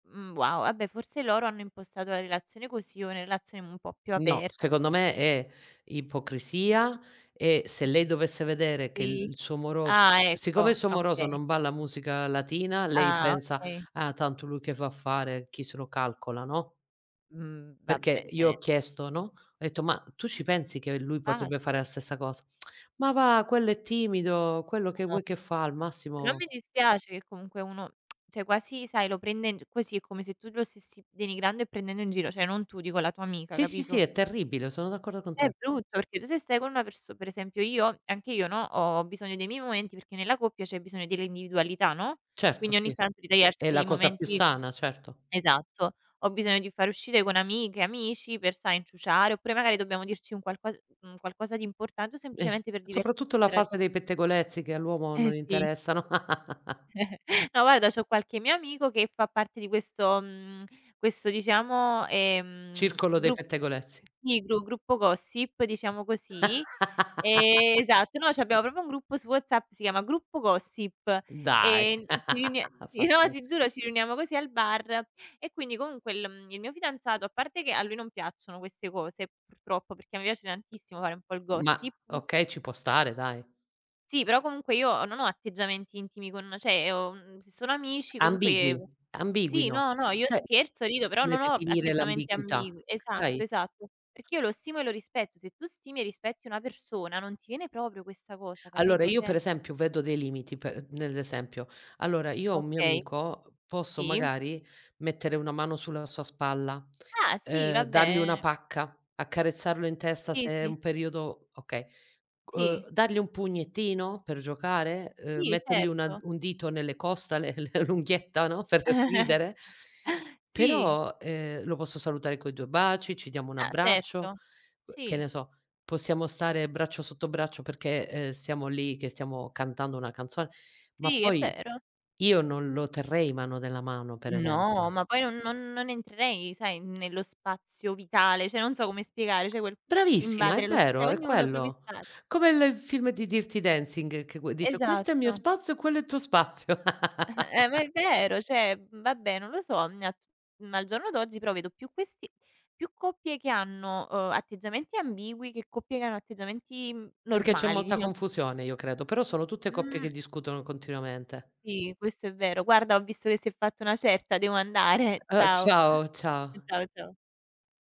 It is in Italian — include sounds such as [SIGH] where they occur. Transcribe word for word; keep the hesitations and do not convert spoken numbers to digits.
Mh, wow. Ah beh, forse loro hanno impostato la relazione così o una relazione un po' più No. aperta. Secondo me è ipocrisia e se S lei dovesse vedere che l sì. il suo moroso Ah, siccome il ecco. suo moroso Okay. non balla musica latina lei Ah pensa: okay. "Ah, tanto lui che va a fare. Chi se lo calcola." no? Mh, Perché vabbè, ceh, io ne ho chiesto, no, ho detto: "Ma tu ci pensi che lui Ah, potrebbe fare la ti stessa cosa?" [SMACKS LIPS] "Ma va, quello è timido, quello che Ah. vuoi che fa, al Però massimo" mi dispiace che comunque uno [SMACKS LIPS] ceh, quasi sai, lo prendendo così è come se tu lo stessi denigrando e prendendo in giro, ceh, non tu, dico la tua amica, Sì, sì, sì. capito? È terribile, sono d'accordo con È te. brutto, perché tu se stai con una perso per esempio, io ho anche io no, ho ho bisogno dei miei momenti perché nella coppia c'è bisogno dell'individualità, no, Certo, quindi ogni sì. tanto È ritagliarsi la i cosa più momenti sana, certo. esatto. Ho bisogno di far uscite con amiche, amici per sai, inciuciare oppure magari dobbiamo dirci un qualco un qualcosa di importante o Eh, semplicemente per soprattutto divertirci la tra di fase dei pettegolezzi che all'uomo Eh, non sì. interessano. [CHUCKLES] [LAUGHS] No, guarda c'ho qualche mio amico che fa parte di questo mhmm, questo diciamo, ehm Circolo dei gru pettegolezzi. sì, gru gruppo gossip diciamo così, ehm [LAUGHS] esatto. Noi c'abbiamo proprio un gruppo su WhatsApp si chiama "gruppo gossip" Dai. e ci riunie [LAUGHS] no, Fantastico. ti giuro, ci riuniamo così al bar e quindi comunque l mhmm, il mio fidanzato a parte che a lui non piacciono queste cose purtroppo perché a me piace tantissimo fare un po' il Ma gossip. okay, ci può stare dai. Sì, però comunque io ho non ho atteggiamenti intimi con ceh, ho, mhmm se sono amici Ambigui, comunque ambigui sì, no. no, no. Io ceh, è scherzo rido però difficile non ho definire atteggiamenti l'ambiguità, ambigui esatto, sai? esatto. Perché io lo stimo e lo rispetto. Se tu stimi e rispetti una persona non ti viene proprio questa cosa Allora, capito, io ceh pre esempio vedo dei limiti per nell'esempio. Allora, io ho un mio Okay. amico, posso Sì. magari mettere una mano sul sulla sua spalla, Ah, sì, uhm, vabbè dargli una e pacca, accarezzarlo in testa Sì, se è sì. un periodo okay. Sì. Uhm, dargli un pugnettino per giocare, uhm, Sì, mettergli una certo. un dito nelle costole, l l'unghietta no, per [CHUCKLES] ridere. Sì. Però, uhm, lo posso salutare coi due baci, ci diamo un Ah, abbraccio, certo. que che Sì. ne so, possiamo stare braccio sotto braccio perché, uhm, stiamo lì che stiamo cantando una canzone, ma Sì, è poi vero. io non lo terrei mano nella mano per No, esempio. ma poi non non non entrerei sai, nello spazio vitale, ceh non so come spiegare, ceh quel Bravissima, è invadere lo s ceh, vero, è ognuno i propri quello. spazi. Come il film di "Dancing" che que dice: "Questo è il mio Esatto. spazio e quello è il tuo spazio." [CHUCKLES] Eh, ma è [LAUGHS] vero. ceh, vabbè non lo so, mhmm, nat ma al giorno d'oggi però vedo più questi più coppie che hanno, uhm, atteggiamenti ambigui che coppie che hanno atteggiamenti Perché c'è normali molta diciam confusione io credo, però sono tutte coppie che Mh. discutono continuamente. Sì, questo è vero. Guarda, ho visto che si è fatto una certa, devo andare. Uhm, Ciao. ciao, ciao. Ciao, ciao.